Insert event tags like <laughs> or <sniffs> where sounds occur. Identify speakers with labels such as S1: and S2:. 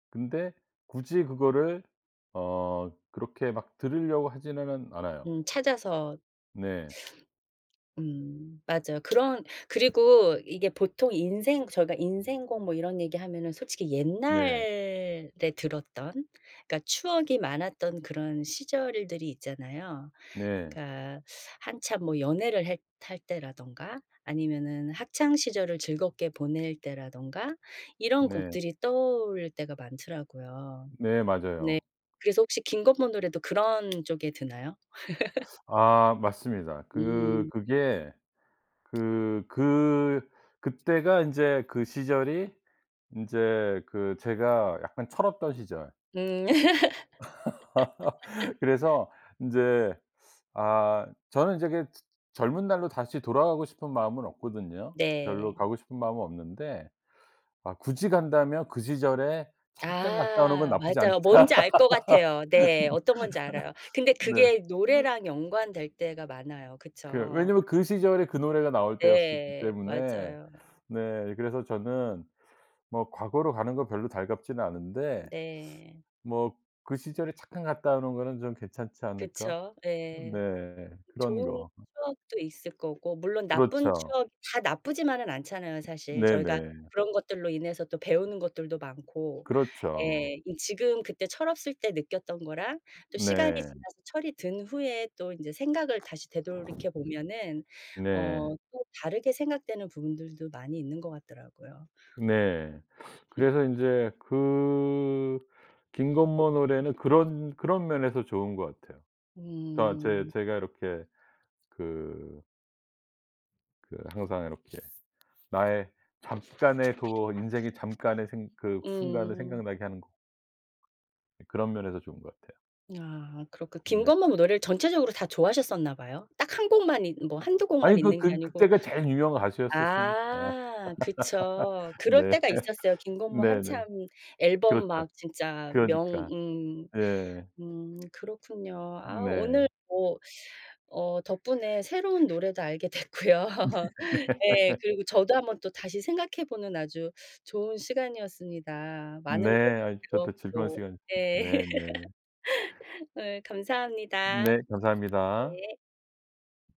S1: 근데 굳이 그거를 어 그렇게 막 들으려고 하지는 않아요.
S2: 음. 찾아서
S1: 네.
S2: 음. 맞아. 그런 그리고 이게 보통 인생 저희가 인생 곡 뭐 이런 얘기하면은 솔직히
S1: 네.
S2: 옛날에 들었던 그러니까 추억이 많았던 그런 시절들이 있잖아요.
S1: 네.
S2: 그러니까 한참 뭐 연애를 했 할 때라든가 아니면은 학창시절을 즐겁게 보낼 때라든가 이런
S1: 네.
S2: 곡들이 떠오를 때가 많더라고요.
S1: 네.
S2: 네.
S1: 맞아요.
S2: 그래서 혹시 김건모 노래도 그런 쪽에 드나요?
S1: 아. 맞습니다.
S2: <laughs>
S1: 그
S2: 음.
S1: 그게 그 그 그때가 인제 그 시절이 인제 그 제가 약간 철없던 시절.
S2: 음.
S1: <laughs>
S2: <laughs>
S1: 그래서 인제 아 저는 저기 젊은 날로 다시 돌아가고 싶은 마음은 없거든요. 별로
S2: 네.
S1: 가고 싶은 마음은 없는데 아 굳이 간다면 그 시절에 잠깐 갔다 오는 건
S2: 아.
S1: 나쁘지
S2: 맞아요.
S1: 않다.
S2: 뭔지 알 것 같아요. 네. 어떤 건지 알아요.
S1: <laughs>
S2: 근데
S1: 네.
S2: 그게 노래랑 연관될 때가 많아요,
S1: 그
S2: 그쵸?
S1: 왜냐면 그 시절이 그 노래가 나올 때였었기
S2: 네.
S1: 때문에.
S2: 맞아요.
S1: 네. 그래서 저는 뭐 과거로 가는 건 별로 달갑지는 않은데
S2: 네.
S1: '뭐 그 시절에 잠깐 갔다 오는 거는 좀 괜찮지 않을까?'
S2: 그쵸. 예.
S1: 네. 그런
S2: 좋은
S1: 거.
S2: 추억도 있을 거고 물론 나쁜
S1: 그렇죠.
S2: 추억 다 나쁘지만은 않잖아요 사실. 저희가
S1: 네네.
S2: 그런 것들로 인해서 또 배우는 것들도 많고.
S1: 그렇죠.
S2: 예. 이 지금 그때 철없을 때 느꼈던 거랑 또 시간이
S1: 네.
S2: 지나서 철이 든 후에 또 인제 생각을 다시 되돌이켜 보면은
S1: 네.
S2: 어 또 다르게 생각 되는 부분들도 많이 있는 것 같더라고요.
S1: 네. <sniffs>
S2: 흠.
S1: 그래서 인제 그 김건모 노래는 그런, 그런 면에서 좋은 것 같아요. 어떤 제
S2: 음.
S1: 제가 이렇게 그 그 항상 이렇게 나의 잠깐의 그거 인생의 잠깐의 생 그 순간을
S2: 음.
S1: 생각나게 하는 거 그런 면에서 좋은 것 같아요.
S2: 아. 그렇고
S1: 네.
S2: 김건모 노래를 전체적으로 다 좋아하셨었나 봐요? 딱 1 곡만 있 뭐 1-2 곡만
S1: 아니 그
S2: 있는 게
S1: 그
S2: 아니고
S1: 그때가 제일 유명한 가수였었으니까. <laughs>
S2: 아. 그쵸. 그럴
S1: 네.
S2: 때가
S1: <laughs>
S2: 있었어요. 김건모 한참
S1: 네네.
S2: 앨범
S1: 그렇죠.
S2: 막 진짜 명
S1: 그러니까.
S2: 음.
S1: 예.
S2: 음. 그렇군요. 아. 오늘
S1: 네.
S2: 뭐 어 덕분에 새로운 노래도 알게 됐고요. <laughs> 예. 그리고 저도
S1: <laughs>
S2: 1 번 또 다시 생각해 보는 아주 좋은 시간이었습니다. 많은 걸
S1: 네. 아이 저도 즐거운
S2: 배웠고.
S1: 시간
S2: 네.
S1: 네네.
S2: <laughs> 예. 감사합니다.
S1: 네. 감사합니다.
S2: 네.